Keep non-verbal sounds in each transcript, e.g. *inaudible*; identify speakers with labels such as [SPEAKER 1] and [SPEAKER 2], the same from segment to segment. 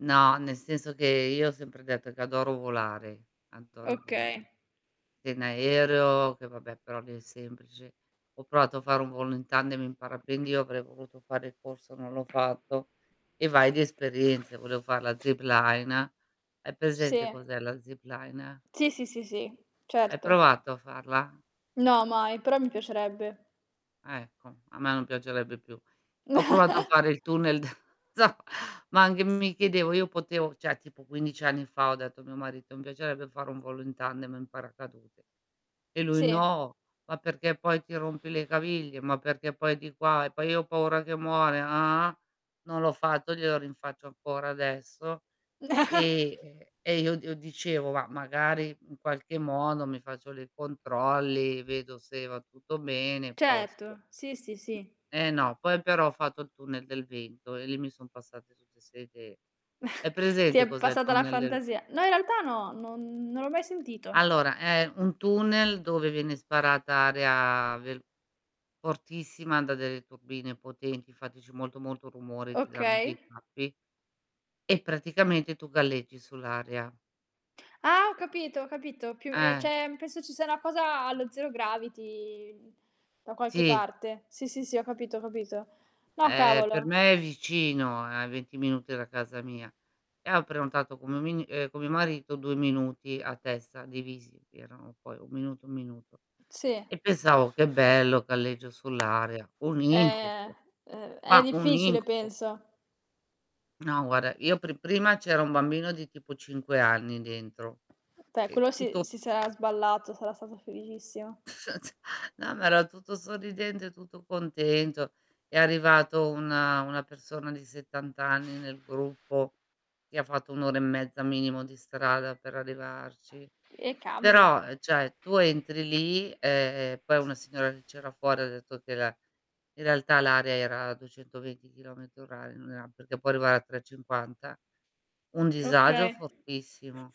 [SPEAKER 1] No, nel senso che io ho sempre detto che adoro volare, adoro il
[SPEAKER 2] Okay.
[SPEAKER 1] volo. Si in aereo che vabbè però lì è semplice; ho provato a fare un volo in tandem in parapendio, avrei voluto fare il corso, non l'ho fatto, e vai di esperienze. Volevo fare la zipline. Hai presente
[SPEAKER 2] Sì.
[SPEAKER 1] cos'è la zipline?
[SPEAKER 2] Si, si, si, si.
[SPEAKER 1] Hai
[SPEAKER 2] Certo.
[SPEAKER 1] provato a farla?
[SPEAKER 2] No, mai, però mi piacerebbe.
[SPEAKER 1] Ecco, a me non piacerebbe più. Ho provato a
[SPEAKER 2] *chuckles*
[SPEAKER 1] fare il tunnel da *unintelligible* ma anche mi chiedevo, io potevo cioè, tipo 15 anni fa, ho detto a mio marito: "Mi piacerebbe fare un volo in tandem, in paracadute." E lui:
[SPEAKER 2] Sì.
[SPEAKER 1] "No! ma perché poi ti rompi le caviglie, ma perché poi di qua, e poi io ho paura che muore, ah ah"; non l'ho fatto glielo rinfaccio ancora adesso, e
[SPEAKER 2] *chuckles*
[SPEAKER 1] e e io io dicevo: "Ma magari in qualche modo mi faccio le controlli, vedo se va tutto bene e posto."
[SPEAKER 2] Certo, sì, sì, sì.
[SPEAKER 1] E no, poi però ho fatto il tunnel del vento e lì mi son passate tutte ste idee. Hai
[SPEAKER 2] *chuckles* Ti
[SPEAKER 1] presente
[SPEAKER 2] è
[SPEAKER 1] cos'è il
[SPEAKER 2] passata la
[SPEAKER 1] tunnel del
[SPEAKER 2] fantasia. No in realtà no, non l'ho mai sentito.
[SPEAKER 1] Allora, è un tunnel dove viene sparata aria vel fortissima da delle turbine potenti, infatti c'è molto molto rumore, ti danno
[SPEAKER 2] Okay.
[SPEAKER 1] dei tappi. E praticamente tu galleggi sull'aria.
[SPEAKER 2] Ho capito, capito. Piu ehm,
[SPEAKER 1] Eh.
[SPEAKER 2] c'è mhmm, penso ci sia una cosa allo zero gravity, mhmm, da qualche
[SPEAKER 1] Sì.
[SPEAKER 2] parte. Sì, sì, sì, ho capito, ho capito. No
[SPEAKER 1] Eh, per
[SPEAKER 2] cavolo.
[SPEAKER 1] me è vicino, è a 20 minuti da casa mia, e ho prenotato *unintelligible* ehm, con mio marito 2 minuti a testa divisi, erano poi 1 minuto 1 minuto.
[SPEAKER 2] Sì.
[SPEAKER 1] E pensavo "che bello galleggio sull'area"; un
[SPEAKER 2] È
[SPEAKER 1] incubo,
[SPEAKER 2] ehm, è
[SPEAKER 1] ma un
[SPEAKER 2] difficile
[SPEAKER 1] incubo.
[SPEAKER 2] penso.
[SPEAKER 1] No guarda io pri prima c'era un bambino di tipo 5 anni dentro,
[SPEAKER 2] Pe
[SPEAKER 1] e
[SPEAKER 2] quello si
[SPEAKER 1] tutto
[SPEAKER 2] si sarà sballato, sarà stato felicissimo.
[SPEAKER 1] *chuckles* No ma era tutto sorridente, tutto contento. È arrivato una una persona di 70 anni nel gruppo, che ha fatto 1 ora e mezza minimo di strada per arrivarci.
[SPEAKER 2] E cavolo.
[SPEAKER 1] Però, ehm, cioè tu entri lì, e e poi una signora che c'era fuori ha detto che la in realtà l'aria era a 220 chilometri orari, non era perché può arrivare a 350. Un disagio
[SPEAKER 2] Okay.
[SPEAKER 1] fortissimo,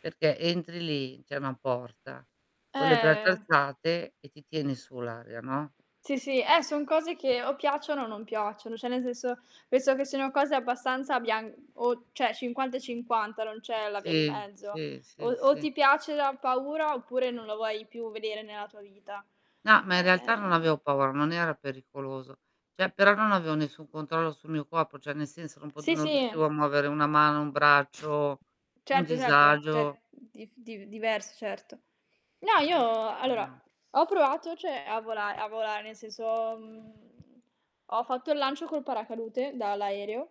[SPEAKER 1] perché entri lì- c'è una porta- con le braccia
[SPEAKER 2] Eh
[SPEAKER 1] alzate e ti tiene su l'area, no?
[SPEAKER 2] Sì sì, eh, son cose che o piacciono o non piacciono. Cioè nel senso, penso che siano cose abbastanza bian o cioè 50 e 50, non c'è la via di
[SPEAKER 1] Sì,
[SPEAKER 2] mezzo.
[SPEAKER 1] sì,
[SPEAKER 2] O
[SPEAKER 1] sì,
[SPEAKER 2] o
[SPEAKER 1] si.
[SPEAKER 2] ti piace da paura, oppure non la vuoi più vedere nella tua vita.
[SPEAKER 1] No, ma in realtà non
[SPEAKER 2] Ehm
[SPEAKER 1] avevo paura, non era pericoloso. Cioè però non avevo nessun controllo sul mio corpo, cioè nel senso non pot
[SPEAKER 2] Sì,
[SPEAKER 1] non riuscivo
[SPEAKER 2] sì.
[SPEAKER 1] a muovere una mano, un braccio; un
[SPEAKER 2] Certo certo. Cioè
[SPEAKER 1] disagio.
[SPEAKER 2] mhmm, dif div diverso certo. No io, allora
[SPEAKER 1] *unintelligible*
[SPEAKER 2] ho provato cioè a vola a volare nel senso, mhmm, ho fatto il lancio col paracadute dall'aereo.